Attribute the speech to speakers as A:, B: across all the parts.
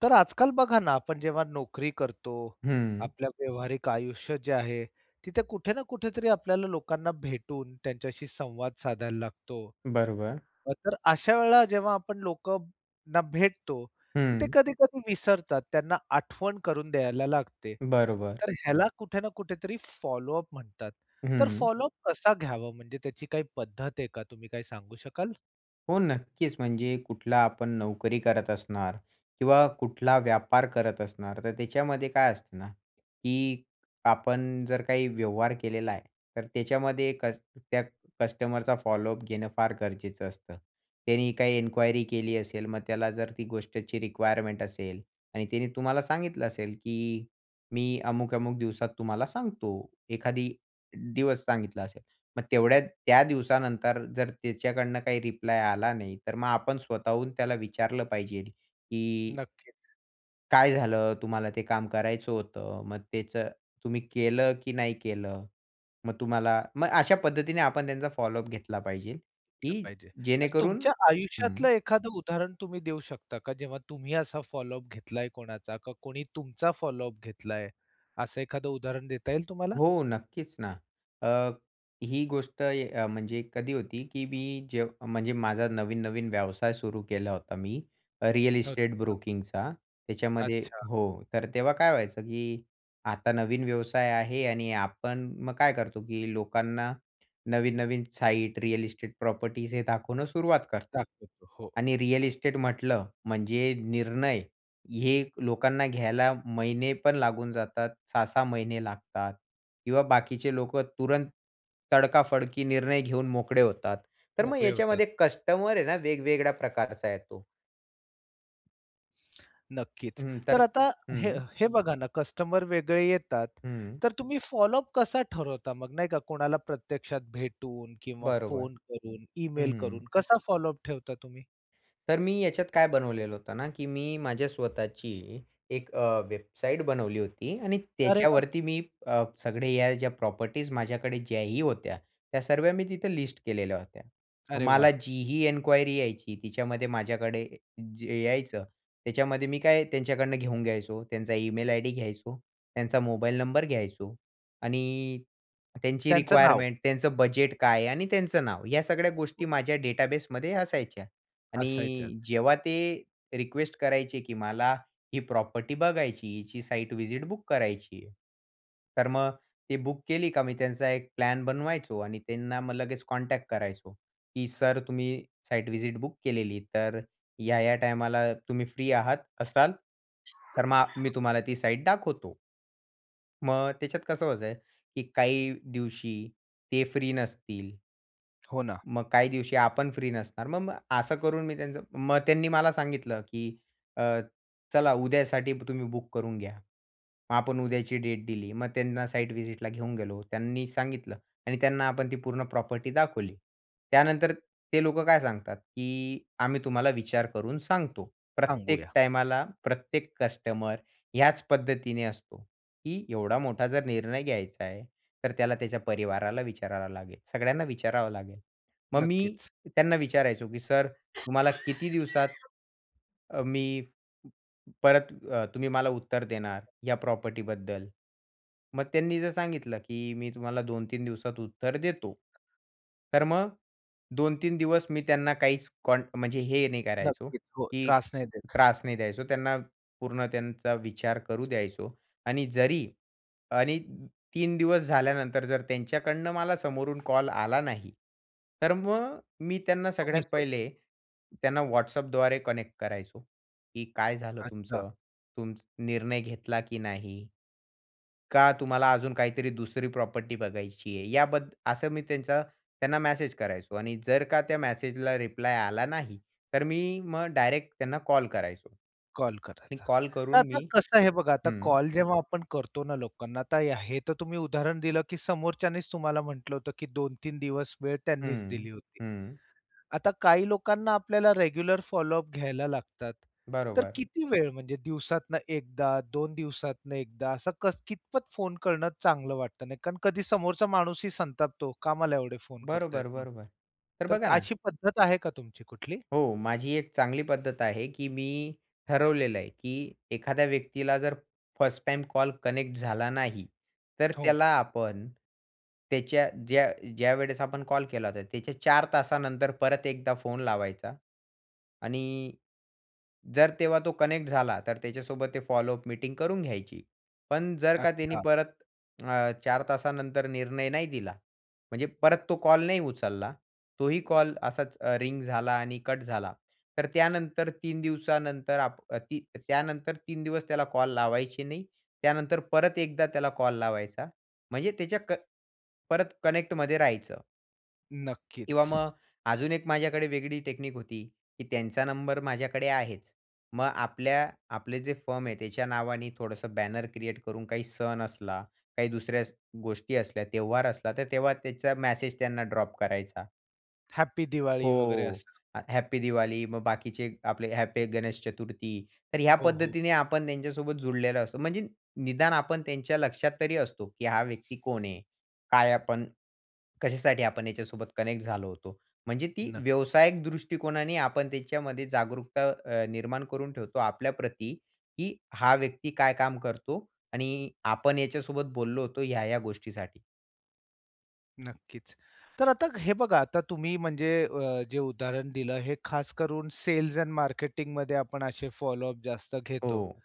A: तर आजकाल बघा ना आपण जेव्हा नोकरी करतो,
B: हम्म.
A: आपल्या व्यावहारिक आयुष्य जे आहे, तिथे कुठे ना कुठेतरी आपल्याला लोकांना भेटून त्यांच्याशी संवाद साधायला लागतो.
B: बरोबर.
A: अ, तर अशा वेळेला जेव्हा आपण लोकांना भेटतो तर ते
B: हम्म.
A: कधी-कधी विसरतात. त्यांना आठवण करून द्यायला लागते.
B: बरोबर.
A: तर ह्याला कुठे ना कुठेतरी फॉलो अप म्हणतात, तर
B: हम्म.
A: फॉलो अप कसा घ्यावा म्हणजे त्याची काही पद्धत आहे का तुम्ही काय सांगू शकाल?
B: हो, नक्कीच म्हणजे कुठला आपण नोकरी करत असणार किंवा कुठला व्यापार करत असणार तर त्याच्यामध्ये काय असतं ना, की आपण जर काही व्यवहार केलेला आहे तर त्याच्यामध्ये कस त्या कस्टमरचा फॉलो अप घेणं फार गरजेचं असतं. त्याने काही इन्क्वायरी केली असेल मग त्याला जर ती गोष्टची रिक्वायरमेंट असेल आणि तिने तुम्हाला सांगितलं असेल, की "मी अमुक-अमुक दिवसात तुम्हाला सांगतो," एखादी दिवस सांगितला असेल, मग तेवढ्या त्या दिवसानंतर जर त्याच्याकडनं काही रिप्लाय आला नाही, तर मग आपण स्वतःहून त्याला विचारलं पाहिजेल, की
A: नक्कीच.
B: काय झालं? तुम्हाला ते काम करायचं होतं मग तेचं तुम्ही केलं की नाही केलं? मग तुम्हाला मग अशा पद्धतीने आपण त्यांचा फॉलो अप घेतला पाहिजे,
A: [unintelligible]
B: की
A: पाहिजे. तर
B: जेणेकरून
A: तुमच्या
B: हं.
A: आयुष्यातलं एखादं उदाहरण तुम्ही देऊ शकता का, जेव्हा तुम्ही असा फॉलो अप घेतलाय कोणाचा का कोणी तुमचा फॉलो अप घेतलाय, असं एखादं उदाहरण देता येईल तुम्हाला?
B: हो, नक्कीच ना. अ, ही गोष्ट य म्हणजे कधी होती की मी जे म्हणजे माझा नवीन-नवीन व्यवसाय सुरू केला होता मी, रिअल
A: हो
B: इस्टेट
A: का.
B: ब्रोकिंगचा, त्याच्यामध्ये
A: अच्छा.
B: हो. तर तेव्हा काय व्हायचं, की आता नवीन व्यवसाय आहे आणि आपण मग काय करतो की लोकांना, नवीन-नवीन साईट रिअल इस्टेट प्रॉपर्टीज हे दाखवणं सुरुवात करतो.
A: दाखवतो, हो.
B: आणि रिअल इस्टेट म्हटलं, म्हणजे निर्णय, हे लोकांना घ्यायला महिने पण लागून जातात, 6-6 महिने लागतात किंवा बाकीचे लोकं तुरंत तडका-फडकी निर्णय घेऊन मोकळे होतात. तर मग
A: मोकळे होतात.
B: याच्यामध्ये कस्टमर आहे ना वेगवेगळ्या प्रकारचा येतो.
A: नक्कीच.
B: हं. तर
A: तर आता हे
B: हं.
A: हे बघा ना, कस्टमर वेगळे येतात.
B: हं.
A: तर तुम्ही फॉलो अप कसा ठरवता? मग नाही का कोणाला प्रत्यक्षात भेटून किंवा
B: बरोबर.
A: फोन करून, ईमेल करून,
B: हं.
A: कसा फॉलो अप ठेवता तुम्ही?
B: तर मी याच्यात काय बनवलेलं होतं ना, की मी, माझ्या स्वतःची एक अ, वेबसाईट बनवली होती आणि
A: अरे वा!
B: त्याच्यावरती मी अ, सगळे ह्या, ज्या प्रॉपर्टीज माझ्याकडे ज्याही होत्या. त्या सर्व्या मी तिथं लिस्ट केलेल्या होत्या.
A: अरे
B: मला
A: वा!
B: जीही इन्क्वायरी यायची, तिच्यामध्ये माझ्याकडे अ, जे यायचं, त्याच्यामध्ये मी काय, त्यांच्याकडनं घेऊन घ्यायचो. त्यांचा ईमेल आयडी घ्यायचो, त्यांचा मोबाईल नंबर घ्यायचो आणि त्यांची
A: त्यांचं नाव.
B: रिक्वायरमेंट, त्यांचं बजेट काय आणि त्यांचं नाव, या सगळ्या
A: व
B: गोष्टी, माझ्या डेटाबेसमध्ये असायच्या. आणि
A: असायच्यात.
B: जेव्हा, ते रिक्वेस्ट करायचे की मला, ही प्रॉपर्टी बघायची, हिची साईट विजिट बुक करायची आहे. तर मग ते बुक केली, का मी त्यांचा एक प्लॅन बनवायचो आणि त्यांना, मग लगेच कॉन्टॅक्ट करायचो, की सर, तुम्ही साइट विजिट बुक केलेली. तर ह्या, ह्या टायमाला तुम्ही फ्री आहात असाल? तर मग, मी तुम्हाला ती साईट दाखवतो. मग, त्याच्यात कसं व्हायचंय की काही दिवशी ते फ्री नसतील
A: हो ना.
B: मग काही दिवशी आपण फ्री नसणार. म मग असं करून, मी त्यांचं मग त्यांनी मला सांगितलं, की अ, "चला, उद्यासाठी तुम्ही बुक करून घ्या." मग, आपण उद्याची डेट दिली. मग त्यांना साइट व्हिजिटला घेऊन गेलो. त्यांनी सांगितलं आणि त्यांना आपण ती पूर्ण प्रॉपर्टी दाखवली. त्यानंतर, ते लोकं काय सांगतात, की "आम्ही तुम्हाला विचार करून सांगतो." प्रत्येक
A: सांगूया.
B: टाईमाला, प्रत्येक कस्टमर, ह्याच पद्धतीने असतो, की एवढा मोठा जर निर्णय घ्यायचा आहे. तर त्याला त्याच्या परिवाराला विचारावं लागेल, सगळ्यांना विचारावं लागेल. मग मी,
A: नक्कीच.
B: त्यांना विचारायचो, की सर तुम्हाला किती दिवसात अ, मी परत अ, तुम्ही मला उत्तर देणार, या प्रॉपर्टीबद्दल? मग, त्यांनी जर सांगितलं, की "मी, तुम्हाला 2-3 दिवसात उत्तर देतो." तर मग 2-3 दिवस मी त्यांना काहीच कॉन्ट म्हणजे, हे नाही करायचो,
A: नक्कीच. हो
B: की
A: त्रास नाही देत.
B: त्रास नाही द्यायचो. त्यांना पूर्ण त्यांचा विचार करू द्यायचो आणि जरी 3 दिवस झाल्यानंतर, जर त्यांच्याकडनं मला समोरून कॉल आला नाही. तर मग, मी त्यांना सगळ्यात
A: तुम्हीच मग
B: पहिले, त्यांना WhatsAppद्वारे कनेक्ट करायचो, की काय झालं
A: अच्छा.
B: तुमचं? तुमचं निर्णय घेतला की नाही? का तुम्हाला अजून काहीतरी दुसरी प्रॉपर्टी बघायची आहे? याबद्दल असं मी, त्यांचा त्यांना मेसेज करायचो आणि जर का, त्या मेसेजला रिप्लाय आला नाही. तर मी मग डायरेक्ट त्यांना कॉल करायचो.
A: कॉल
B: आणि
A: करायचा.
B: कॉल
A: तर,
B: करून
A: आता
B: मी
A: कसं आहे बघा,
B: हं.
A: आता जेव्हा आपण करतो ना लोकांना, तर हे तर, तुम्ही उदाहरण दिलं, की समोरच्यांनीच, तुम्हाला म्हटलं होतं, की 2-3 दिवस, वेळ त्यांनीच
B: हं.
A: दिली होती.
B: हं.
A: आता काही, लोकांना आपल्याला रेग्युलर फॉलो अप घ्यायला लागतात. तर
B: बरोबर.
A: किती वेळ? म्हणजे दिवसातनं एकदा, 2 दिवसातनं एकदा, असं कितपत फोन करणं चांगलं वाटत नाही? कारण, कधी समोरचा माणूसही संतापतो, "का मला एवढे फोन करतायेत
B: बरोबर,
A: म्हणून."
B: बरोबर. तर
A: तर,
B: बघा ना
A: अशी पद्धत आहे का तुमची कुठली?
B: हो. माझी एक चांगली पद्धत आहे की मी, ठरवलेलं आहे, की एखाद्या व्यक्तीला, जर फर्स्ट टाईम कॉल कनेक्ट झाला नाही. तर
A: हो.
B: त्याला आपण, त्याच्या ज्या ज्यावेळेस आपण कॉल केला होता, त्याच्या 4 तासानंतर परत एकदा फोन लावायचा. आणि जर तेव्हा तो कनेक्ट झाला, तर त्याच्यासोबत ते फॉलो अप मीटिंग करून घ्यायची. पण जर का त्यांनी
A: अच्छा.
B: परत अ, 4 तासानंतर निर्णय नाही दिला. म्हणजे परत तो कॉल नाही उचलला, तोही कॉल असाच रिंग झाला आणि कट झाला. तर त्यानंतर 3 दिवसानंतर आप ती त्यानंतर 3 दिवस त्याला कॉल लावायचे नाही. त्यानंतर परत एकदा त्याला कॉल लावायचा, म्हणजे त्याच्या क परत कनेक्टमध्ये राहायचं. किंवा
A: नक्कीच.
B: मग अजून एक माझ्याकडे वेगळी टेक्निक होती, की त्यांचा नंबर माझ्याकडे आहेच, मग आपल्या आपले जे फर्म आहे, त्याच्या नावाने थोडंसं बॅनर क्रिएट करून काही सण असला, काही दुसऱ्या स गोष्टी असल्या, सण-त्यौहार असला, तर तेव्हा त्याचा मेसेज त्यांना ड्रॉप करायचा.
A: हॅपी दिवाळी, वगैरे
B: हो,
A: असं.
B: ह हॅपी दिवाली, मग बाकीचे आपले ह हॅपी गणेश चतुर्थी. तर ह्या
A: हो, हो.
B: पद्धतीने आपण त्यांच्यासोबत जुडलेलो असतो, म्हणजे निदान आपण त्यांच्या लक्षात तरी असतो, की हा व्यक्ती कोण आहे, काय आपण, कशासाठी आपण याच्यासोबत कनेक्ट झालो होतो, म्हणजे ती
A: नक्कीच.
B: व्यावसायिक दृष्टिकोनाने आपण त्याच्यामध्ये जागरूकता अ, निर्माण करून ठेवतो आपल्याप्रती, की हा व्यक्ती काय काम करतो आणि आपण याच्यासोबत बोललो होतो ह्या-ह्या गोष्टीसाठी.
A: नक्कीच. तर आता हे बघा आता तुम्ही म्हणजे अ, जे उदाहरण दिलं हे खास करून सेल्स एंड मार्केटिंगमध्ये आपण असे फॉलोअप जास्त घेतो.
B: हो.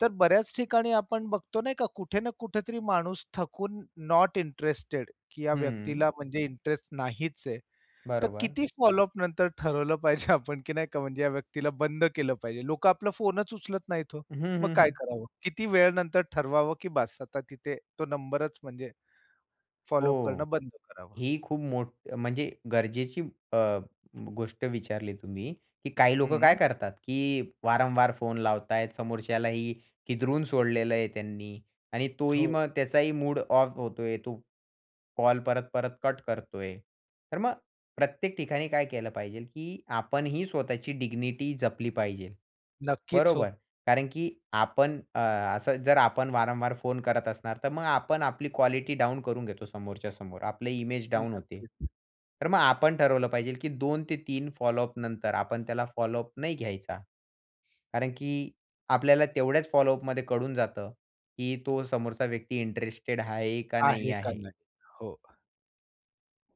A: तर बऱ्याच ठिकाणी आपण बघतो, नाही का, कुठे ना कुठेतरी माणूस थकून, नॉट इंटरेस्टेड, की या
B: हम्म.
A: व्यक्तीला म्हणजे इंटरेस्ट नाहीच आहे, तर
B: बरोबर.
A: किती फॉलोअपनंतर ठरवलं पाहिजे आपण, की नाही का, म्हणजे या व्यक्तीला बंद केलं पाहिजे. लोकं आपला फोनच उचलत नाहीत हो.
B: हं,
A: मग
B: हं,
A: काय
B: हं.
A: करावं? किती वेळानंतर ठरवावं, की बास आता तिथे तो नंबरच म्हणजे फॉलोअप
B: हो.
A: करणं बंद करावं?
B: ही खूप मोठ म्हणजे गरजेची अ, गोष्ट विचारली तुम्ही, की काही लोकं काय
A: हं.
B: करतात की वारंवार फोन लावत आहेत, समोरच्यालाही किदरून सोडलेलं आहे त्यांनी आणि तोही
A: हो.
B: मग त्याचाही मूड ऑफ होतोय तो कॉल परत-परत कट करतोय, तर मग प्रत्येक ठिकाणी काय केलं पाहिजेल की आपणही स्वतःची डिग्निटी जपली पाहिजे,
A: नक्कीच
B: बरोबर?
A: हो.
B: कारण की आपण अ, असं जर आपण वारंवार फोन करत असणार, तर मग आपण आपली क्वालिटी डाउन करून घेतो समोरच्या समोर. आपली इमेज डाउन होते.
A: नक्कीच.
B: तर मग आपण ठरवलं पाहिजेल की 2 ते 3 फॉलोअपनंतर आपण त्याला फॉलोअप नाही घ्यायचा. कारण की आपल्याला तेवढ्याच फॉलोअपमध्ये कळून जातं, की तो समोरचा व्यक्ती इंटरेस्टेड आहे का नाही
A: आहे का
B: आहे.
A: नाही? हो.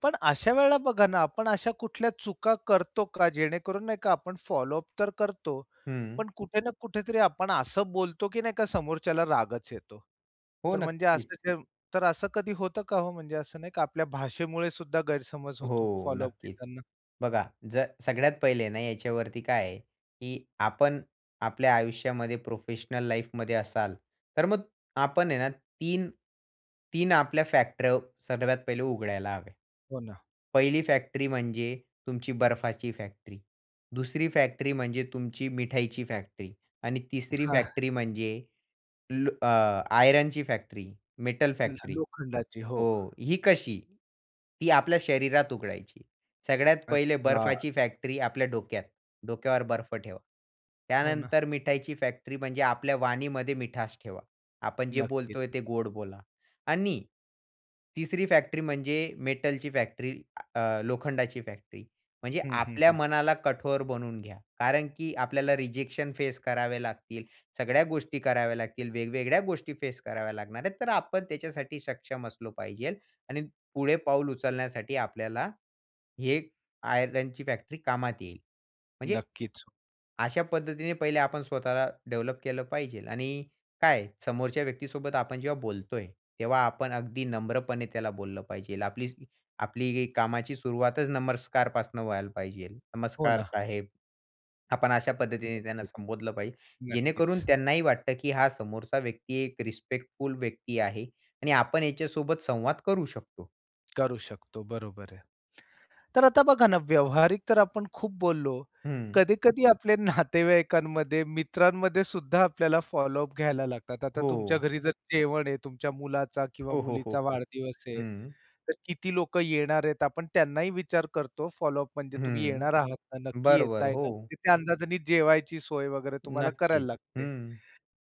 A: पण अशा वेळेला बघा ना, आपण अशा कुठल्या चुका करतो का जेणेकरून, नाही का, आपण फॉलोअप तर करतो,
B: हम्म.
A: पण कुठे ना कुठेतरी आपण असं बोलतो, की नाही का, समोरच्याला रागच येतो.
B: हो,
A: तर म्हणजे
B: नक्कीच.
A: असं तर असं कधी होतं का हो, म्हणजे असं नाही का आपल्या भाषेमुळे सुद्धा गैरसमज होतो
B: हो,
A: फॉलोअप
B: नक्कीच.
A: घेताना?
B: बघा जर सगळ्यात पहिले ना याच्यावरती काय आहे, की आपण आपल्या आयुष्यामध्ये, प्रोफेशनल लाईफमध्ये असाल, तर मग आपण आहे ना 3- 3 आपल्या फॅक्टऱ्या सर्वात पहिले उघडायला हव्या.
A: हो ना.
B: 1ली फॅक्ट्री म्हणजे तुमची बर्फाची फॅक्ट्री, 2री फॅक्ट्री म्हणजे तुमची मिठाईची फॅक्ट्री आणि 3री
A: हां.
B: फॅक्टरी म्हणजे लो अ, आयरनची फॅक्ट्री, मेटल
A: ल
B: फॅक्ट्री
A: लोखंडाची, हो.
B: हो. ही कशी? ती आपल्या शरीरात उघडायची. सगळ्यात पहिले
A: अच्छा.
B: बर्फाची फॅक्ट्री आपल्या डोक्यात, डोक्यावर बर्फ ठेवा.
A: हो ना.
B: त्यानंतर मिठाईची फॅक्टरी म्हणजे आपल्या वाणीमध्ये मिठास ठेवा, आपण जे
A: नक्कीच.
B: बोलतोय ते गोड बोला आणि 3री फॅक्टरी म्हणजे मेटलची फॅक्टरी, आ अ, लोखंडाची फॅक्टरी, म्हणजे
A: हं, हं,
B: आपल्या
A: हं.
B: मनाला कठोर बनवून घ्या, कारण की आपल्याला रिजेक्शन फेस करावे लागतील, सगळ्या गोष्टी कराव्या लागतील, वेगवेगळ्या गोष्टी फेस कराव्या लागणार आहेत, तर आपण त्याच्यासाठी सक्षम असलो पाहिजेल आणि पुढे पाऊल उचलण्यासाठी आपल्याला ही एक आयरनची फॅक्टरी कामात येईल. म्हणजे,
A: नक्कीच.
B: अशा पद्धतीने पहिले आपण स्वतःला डेव्हलप केलं पाहिजेल आणि काय समोरच्या व्यक्तीसोबत आपण जेव्हा बोलतोय, तेव्हा आपण अगदी नम्रपणे त्याला बोललं पाहिजेल, आपली आपली कामाची सुरुवातच नमस्कारपासून व्हायला पाहिजेल.
A: हो
B: "नमस्कार
A: ना.
B: साहेब," आपण अशा पद्धतीने त्यांना
A: नक्कीच.
B: संबोधलं पाहिजे, जेणेकरून
A: नक्कीच.
B: त्यांनाही वाटतं, की हा समोरचा व्यक्ती एक रिस्पेक्टफुल व्यक्ती आहे आणि आपण याच्यासोबत संवाद करू शकतो.
A: करू शकतो, बरोबर आहे. तर आता बघा ना, व्यावहारिक तर आपण खूप बोललो.
B: हम्म.
A: कधी-कधी आपल्या नातेवाईकांमध्ये, मित्रांमध्ये सुद्धा आपल्याला फॉलोअप घ्यायला लागतात. आता तुमच्या
B: हो.
A: घरी जर जेवण आहे, तुमच्या मुलाचा किंवा
B: हो, हो, हो,
A: मुलीचा
B: हो.
A: वाढदिवस आहे,
B: हम्म.
A: तर किती लोकं येणार आहेत, आपण त्यांनाही विचार करतो. फॉलोअप म्हणजे तुम्ही येणार
B: हम्म.
A: आहात ना, नक्की
B: बरोबर,
A: येताय ना.
B: हो.
A: तर त्या अंदाजाने जेवायची सोय वगैरे तुम्हाला करायला
B: नक्कीच.
A: लागते.
B: हम्म.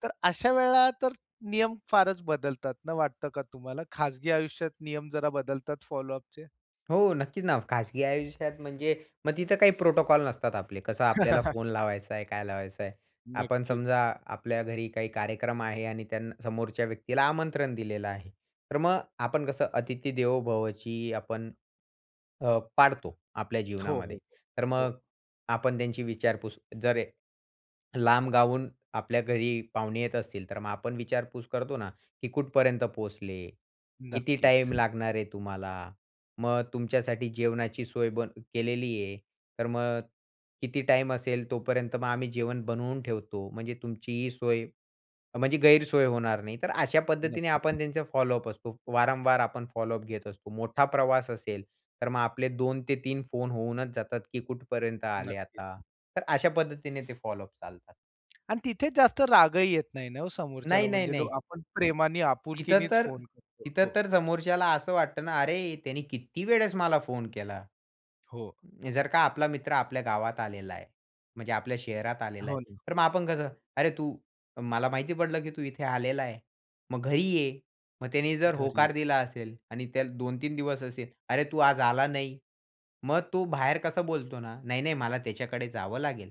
A: तर अशा वेळा तर नियम फारच बदलतात ना, वाटतं का तुम्हाला खाजगी आयुष्यात नियम जरा बदलतात फॉलोअपचे?
B: हो, नक्कीच ना. खाजगी आयुष्यात म्हणजे, मग तिथं काही प्रोटोकॉल नसतात आपले, कसं आपल्याला फोन लावायचा आहे, काय लावायचं आहे. आपण
A: नक्कीच.
B: समजा आपल्या घरी काही कार्यक्रम आहे आणि त्यां समोरच्या व्यक्तीला आमंत्रण दिलेलं आहे, तर मग आपण कसं अतिथी देवो भवची आपण अ, पाडतो आपल्या
A: हो,
B: जीवनामध्ये.
A: हो.
B: तर
A: हो.
B: मग आपण त्यांची विचारपूस जर लांब गावाहून आपल्या घरी पाहुणे येत असतील, तर मग आपण विचारपूस करतो ना, की "कुठपर्यंत पोहोचले? किती
A: नक्कीच.
B: टाईम लागणार आहे तुम्हाला? मग तुमच्यासाठी जेवणाची सोय बन केलेली आहे. तर मग किती टाईम असेल तोपर्यंत मग आम्ही जेवण बनवून ठेवतो, म्हणजे तुमची सोय, म्हणजे गैरसोय होणार नाही." तर अशा पद्धतीने
A: नक्कीच.
B: आपण त्यांचे फॉलोअप असतो. वारंवार आपण फॉलोअप घेत असतो. मोठा प्रवास असेल, तर मग आपले 2 ते 3 फोन होऊनच जातात, की कुठपर्यंत आले आता.
A: नक्कीच.
B: तर अशा पद्धतीने ते फॉलोअप चालतात.
A: आणि तिथे जास्त रागही येत नाही ना हो, समोरच्याला
B: नाही, नाही,
A: म्हणजे
B: नाही.
A: आपण प्रेमाने,
B: तिथं
A: आपुलकीनेच
B: तर
A: फोन करतो.
B: तिथं
A: हो.
B: तर, समोरच्याला असं वाटतं ना, "अरे, त्याने किती वेळेस मला फोन केला."
A: हो.
B: जर का आपला मित्र आपल्या गावात आलेला आहे. म्हणजे आपल्या शहरात आलेला
A: हो
B: आहे.
A: ना.
B: तर मग आपण कसं, अरे, तू मला माहिती पडलं की तू इथे आलेला आहे. मग घरी ये मग त्याने जर
A: घरी
B: होकार
A: ये.
B: दिला असेल आणि त्याला 2-3 दिवस असेल, अरे, तू आज आला नाही? मग तो बाहेर कसं बोलतो ना, "नाही, नाही, मला त्याच्याकडे जावं लागेल.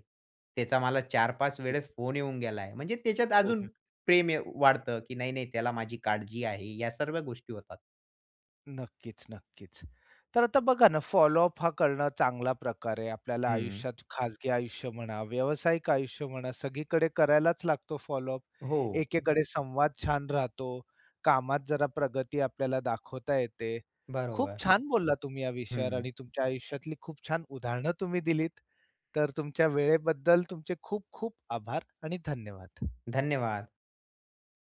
B: त्याचा मला 4-5 वेळेस
A: [unintelligible]
B: फोन येऊन गेलाय." म्हणजे त्याच्यात अजून
A: शोधण.
B: प्रेम अ, वाढतं की नाही, नाही, त्याला माझी काळजी आहे या सर्व गोष्टी होतात.
A: नक्कीच, नक्कीच. तर आता बघा ना फॉलोअप हा करणं चांगला प्रकार आहे. आपल्याला
B: हं.
A: आयुष्यात खाजगी आयुष्य म्हणा व्यावसायिक आयुष्य म्हणा सगळीकडे करायलाच लागतो फॉलोअप.
B: हो.
A: एकेकडे संवाद छान राहतो, कामात जरा प्रगती आपल्याला दाखवता येते. खूप
B: बरोबर.
A: छान बोललात तुम्ही या विषयावर
B: हं.
A: आणि तुमच्या आयुष्यातली खूप छान उदाहरणं तुम्ही दिलीत, तर तुमच्या वेळेबद्दल तुमचे खूप-खूप आभार आणि धन्यवाद.
B: धन्यवाद.